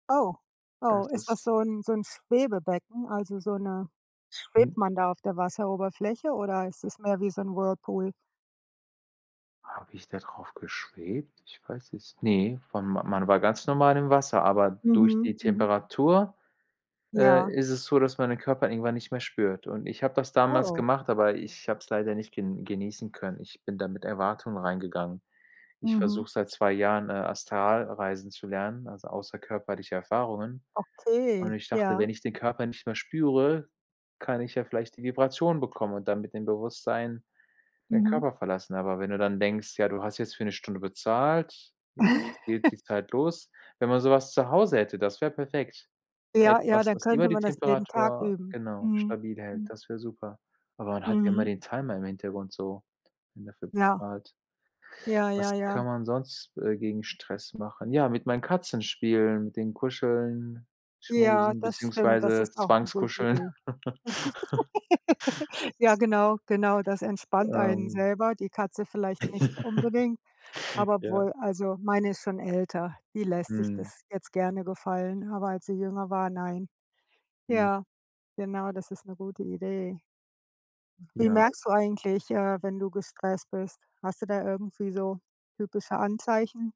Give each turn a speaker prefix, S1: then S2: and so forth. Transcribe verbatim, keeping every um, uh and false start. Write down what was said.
S1: Oh, oh,
S2: Das
S1: ist das
S2: ist
S1: so 'n so 'n Schwebebecken? Also so 'ne schwebt
S2: Mhm.
S1: man da auf der Wasseroberfläche oder ist das mehr wie so 'n Whirlpool?
S2: Habe ich da drauf geschwebt? Ich weiß es ne, wann man war ganz normal im Wasser, aber durch
S1: Mhm,
S2: die
S1: mhm.
S2: Temperatur, äh,
S1: Ja.
S2: ist es so, dass man den Körper irgendwann nicht mehr spürt, und ich habe das damals
S1: Oh.
S2: gemacht, aber ich habe es leider nicht gen genießen können. Ich bin da mit Erwartungen reingegangen. Ich
S1: Mhm.
S2: versuche seit zwei Jahren, äh, Astralreisen zu lernen, also außerkörperliche Erfahrungen, und
S1: Okay,
S2: ich dachte,
S1: ja.
S2: wenn ich den Körper nicht mehr spüre, kann ich ja vielleicht die Vibration bekommen und dann mit dem Bewusstsein den
S1: Mhm.
S2: Körper verlassen, aber wenn du dann denkst, ja, du hast jetzt für 'ne Stunde bezahlt, jetzt jetzt geht die Zeit los. Wenn man so was zu Hause hätte, das wäre perfekt.
S1: Ja, ja,
S2: Etwas,
S1: dann
S2: was immer
S1: könnte
S2: die
S1: man das jeden Tag
S2: Temperatur
S1: üben.
S2: genau,
S1: Mhm,
S2: stabil hält,
S1: mhm.
S2: das wär super, aber man hat ja immer
S1: Mhm.
S2: den Timer im Hintergrund so, wenn dafür
S1: Ja.
S2: bezahlt.
S1: Ja,
S2: Was
S1: ja, ja.
S2: kann man sonst, äh, gegen Stress machen? Ja, mit meinen Katzen spielen, mit denen kuscheln,
S1: Ja,
S2: schmusen
S1: das stimmt. Das
S2: beziehungsweise
S1: ist auch 'ne gute
S2: Zwangskuscheln.
S1: Idee. Ja, genau, genau, das entspannt einen
S2: Ähm
S1: selber, die Katze vielleicht nicht unbedingt, aber
S2: Ja.
S1: obwohl also meine ist schon älter, die lässt sich
S2: Mhm.
S1: das jetzt gerne gefallen, aber als sie jünger war, nein.
S2: Mhm.
S1: Ja, genau, das ist 'ne gute Idee. Wie
S2: Ja.
S1: merkst du eigentlich, äh, wenn du gestresst bist, hast du da irgendwie so typische Anzeichen?